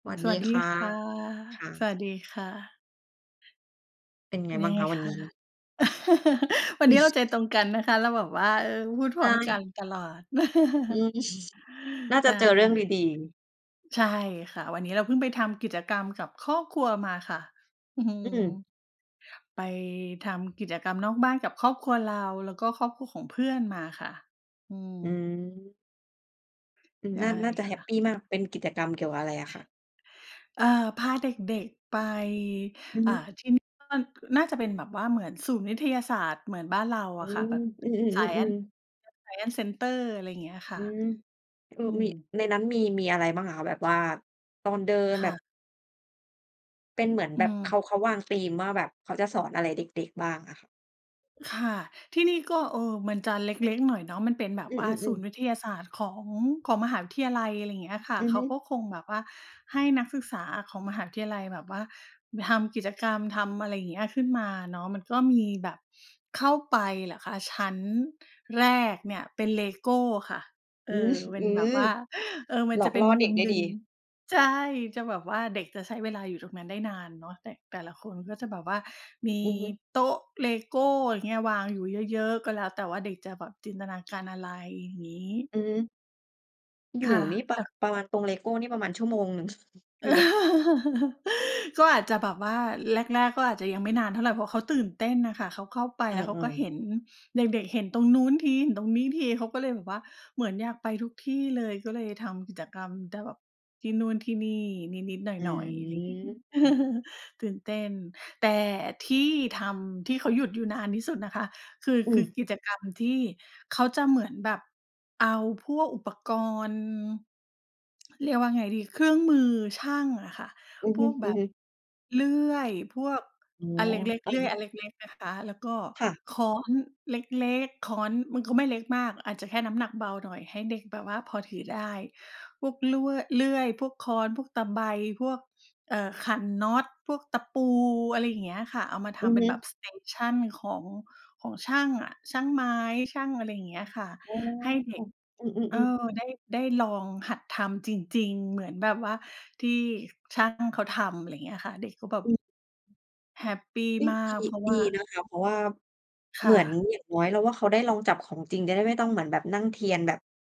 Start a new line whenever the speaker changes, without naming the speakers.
สวัส
ส
ดี
วัสดี
ค่ะ
ค่ะ
ค่
ส
ะ
วัสดีค่ะ
เป็น
เ
ไ
ป็
ง
น
บ
ย
้
ั
าง
งไ
ค
ง
ะวั
ค
นน
ะ?
ี้?
วันนี้เราใจตรงกันนะคะ เราแบบว่า เออ พูดพ
ใ
ร
ช
้อมกั
่
นตลอด
อืม น่า
ใช
จะเจอเรื่องด
่
ี ๆ
ใช่ค่ะ วันนี้เราเพิ่งไปทำกิจกรรมกับครอบครัวมาค่ะ อื
อ
ม
ืม
ไปทำกิจกรรมนอกบ้านกับครอบครัวเรา แล้วก็ครอบครัวของเพื่อนมาค่ะ อื
อื
ม
ม อืม
ใช่
น่า น่าจะ
ค
แฮ
่
ป
ะ
ปีมาก เป็นกิจกรรมเกี่ยวกับอะไรอะคะ?
เอ่อ พาเด็ก ๆ ไป
อือ
อ
ฮ
่า
ึ
ที่นี้ [unintelligible] น่าจะเป็นแบบว่าเหมือนศูนย์วิทยาศาสตร์เหมือนบ้านเรา
อื
อะค่ะ แบ
อ
บ
อือ
Science
ๆ ๆ ๆ
[unintelligible] Science center อะไรเงี้ยค่
อ
ะ
ืม คื
อ
อ
ื
มี
ม
ในนั้นมี มีอะไรบ้างอะคะ? แบบว่า ตอนเดิน
ค
แบ
่
บ
ะ
เป็นเหมือน
อื
แบบเ
ม
ขา เขาวางธีมว่าแบบเขาจะสอนอะไรเด็ก ๆ บ้างอะค่ะ?
ค่ะ ที่นี่ก็ เอ่อ มันจะเล็ก ๆ หน่อยเนาะ มันเป็นแบบ
อื
ว่าศู
อ
นย
ๆ ๆ
์วิทยาศาสตร์ของ ของมหาวิทยาลัย อะไรเงี้ยค่ะ
อื
เ
อ
ข
ฮ
า
ึ
ก็คงแบบว่าให้นักศึกษาอะของมหาวิทยาลัยแบบว่าทำกิจกรรม ทำอะไรเงี้ย ขึ้นมาเนาะ มันก็มีแบบ เข้าไปเหรอคะ ชั้นแรกเนี่ยเป็น Lego ค่ะ เอ
อือ
อ เป็
อ
น
ื
แบบว
ม
่า เออ มั
ห
น
ล
จ
อ
ะ
ก
เป็
ล่
น
อ
ม
เ
ุ
ด็ก
ม
ได้
หน
ด
ึ
ี
่ง ใช่ จะแบบว่าเด็กจะใช้เวลาอยู่ตรงนั้นได้นานเนาะ แต่ แต่ละคนก็จะแบบว่ามี
อือฮึ
โต๊ะ Lego อย่างเงี้ย วางอยู่เยอะ ๆ ก็แล้วแต่ว่า เด็กจะแบบจินตนาการ อะไรอย่างงี้
อือฮึ อยู่
ค่ะ
นี่ ป
แ
ร
ล
ะ
้ว
ประมาณตรง Lego นี่ประมาณชั่วโมงหนึ่ง
เ
ห
อ
รื
อ
อว่า
ก็อาจจะแบบว่าแรก ๆ ก็อาจจะยังไม่นานเท่าไร เพราะเขาตื่นเต้นน่ะค่ะ เขาเข้าไป
เอ
แล้ว เขาก็
อ ๆ
เห็น เด็ก ๆ เห็นตรงนู้นที เห็นตรงนี้ที เขาก็เลยแบบว่า เหมือนอยากไปทุกที่เลย ก็เลยทำกิจกรรมได้แบบ ที่นู่นที่นี่นิด ๆ ห
อ
น่อย ๆ อะไรงี้
ืม
ตื่นเต้น แต่ที่ทำที่เขาหยุดอยู่นานที่สุดนะคะ คือ
อ
ค
ื
ือ
ม
กิจกรรม ที่เขาจะเหมือนแบบเอาพวกอุปกรณ์ เรียกว่าไงดี เครื่องมือช่างอะค่ะ
อือ
พ
ฮึ
วก
อ
แบ
ือ
บ
ฮึ
เลื่อยพวก
อ๋อ
อันเล็ก
เอ
ๆ
อ
เลื่อยอันเล็ก ๆ นะคะ แล้วก็
ค่ะ
ค้อนเล็ก ๆ ค้อนมันก็ไม่เล็กมาก อาจจะแค่น้ำหนักเบาหน่อย ให้เด็กแบบว่าพอถือได้ พวกล่วย เลื่อย พวกค้อน พวกตะไบ พวก เอ่อ ขันน็อต พวกตะปู อะไรเงี้ยค่ะ เอามาท
อือ
ำเป
ฮ
็นแบบ
ึ
Station ของ ของช่างอะ ช่างไม้ ช่าง อะไรเงี้ยค่ะ
อ๋อ
ให้เด็ก
อื
เออ
อ ๆ ๆ
ได้ ได้ลองหัดทำจริง ๆ เหมือนแบบว่า ที่ช่างเขาทำ อะไรเงี้ยค่ะ เด็กก็แบบ
อือ
แฮปปี
เฮ้ย
มา
ดี
กเพราะ
ด
ว
ี
่า
นะคะ เพราะว่า
ค
เห
่
มือน
ะ
อย่างน้อยเราว่า เขาได้ลองจับของจริง จะได้ไม่ต้องเหมือนแบบนั่งเทียนแบบ